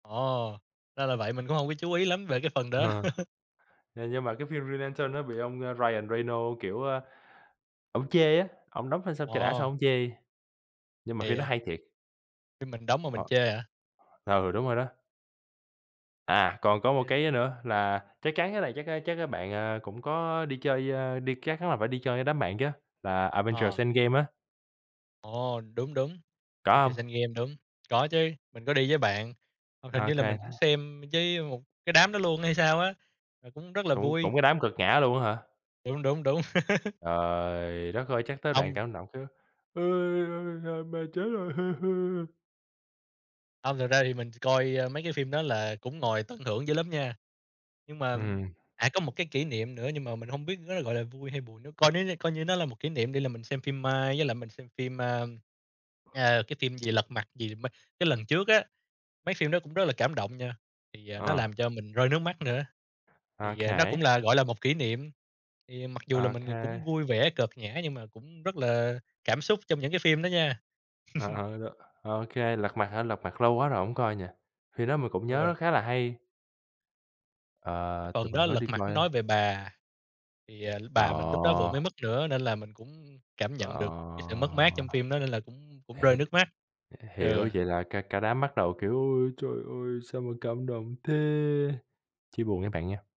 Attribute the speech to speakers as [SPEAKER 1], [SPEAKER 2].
[SPEAKER 1] Ồ! Ra là vậy. Mình cũng hông có chú ý lắm về cái phần đó.
[SPEAKER 2] Ờ. Ờ, nhưng mà cái phim Green Lantern đó bị ông Ryan Reynolds, kiểu, a, ổng chê á, ổng đóng phim xong cho đã xong
[SPEAKER 1] Wow!
[SPEAKER 2] ổng chê. Nhưng mà
[SPEAKER 1] Kỳ
[SPEAKER 2] phim đó
[SPEAKER 1] vậy?
[SPEAKER 2] hay thiệt.
[SPEAKER 1] Phim mình đóng mà mình
[SPEAKER 2] Ờ.
[SPEAKER 1] chê hả?
[SPEAKER 2] Ừ, đúng rồi đó. À, còn có một
[SPEAKER 1] [unintelligible]
[SPEAKER 2] cái, ơ, nữa là, chắc chắn cái này chắc, a, chắc, a, bạn, à, cũng có đi chơi, ơ, đi các chắn là phải đi chơi với đám bạn chứ, là Avengers:
[SPEAKER 1] Ờ.
[SPEAKER 2] EndGame á?
[SPEAKER 1] Ồ! Đúng, đúng.
[SPEAKER 2] Có hông?
[SPEAKER 1] Avengers: Endgame. Đúng, có chứ, mình có đi với bạn, hoặc hình
[SPEAKER 2] Ô
[SPEAKER 1] như là
[SPEAKER 2] kê.
[SPEAKER 1] mình cũng xem với một cái đám đó luôn hay sao á? Ờ, cũng rất là
[SPEAKER 2] Cũng
[SPEAKER 1] vui.
[SPEAKER 2] cũng cái đám cợt nhả luôn á hả?
[SPEAKER 1] Đúng, đúng, đúng.
[SPEAKER 2] Trời đất ơi! Chắc tới đoạn
[SPEAKER 1] Hông.
[SPEAKER 2] cảm động cái: "Ôi, ôi, ôi, mẹ chết rồi."
[SPEAKER 1] Hông, thật ra thì mình chỉ coi, ơ, mấy cái phim đó là cũng ngồi tận hưởng dữ lắm nha. Nhưng mà
[SPEAKER 2] Ừm.
[SPEAKER 1] à, có một cái kỷ niệm nữa, nhưng mà mình hông biết nó gọi là vui hay buồn nữa. Coi nó như coi như nó là một kỷ niệm đi, là mình xem phim Mai với lại mình xem phim, à, à, cái phim gì Lật Mặt gì mà cái lần trước á. Mấy phim đó cũng rất là cảm động nha, thì, à, nó
[SPEAKER 2] À.
[SPEAKER 1] làm cho mình rơi nước mắt nữa. Thì, à, nó
[SPEAKER 2] OK.
[SPEAKER 1] cũng là gọi là một kỷ niệm. Thì mặc dù là
[SPEAKER 2] Ô
[SPEAKER 1] mình, ờ, cũng
[SPEAKER 2] kê.
[SPEAKER 1] vui vẻ, cợt nhả, nhưng mà cũng rất là cảm xúc trong những cái phim đó nha.
[SPEAKER 2] Ờ, ờ, ờ. Ô kê, Lật Mặt hả? Lật Mặt lâu quá rồi hổng coi nhỉ? Phim đó mình cũng nhớ
[SPEAKER 1] Ừ.
[SPEAKER 2] nó khá là hay.
[SPEAKER 1] Cái
[SPEAKER 2] Ờ, tụi
[SPEAKER 1] phần
[SPEAKER 2] mình
[SPEAKER 1] đó,
[SPEAKER 2] có
[SPEAKER 1] Lật
[SPEAKER 2] đi
[SPEAKER 1] Mặt
[SPEAKER 2] coi,
[SPEAKER 1] nói
[SPEAKER 2] ơ
[SPEAKER 1] về bà, thì, à, bà mình lúc đó vừa mới
[SPEAKER 2] Ờ.
[SPEAKER 1] mất nữa nên là mình cũng cảm nhận
[SPEAKER 2] À!
[SPEAKER 1] được cái sự mất mát trong phim đó, nên là cũng cũng rơi
[SPEAKER 2] Hể
[SPEAKER 1] nước mắt.
[SPEAKER 2] h hiểu,
[SPEAKER 1] Ừ.
[SPEAKER 2] vậy là cả cả đám bắt đầu kiểu: "Ôi trời ơi! Sao mà cảm động thế!" Chia buồn với bạn nha!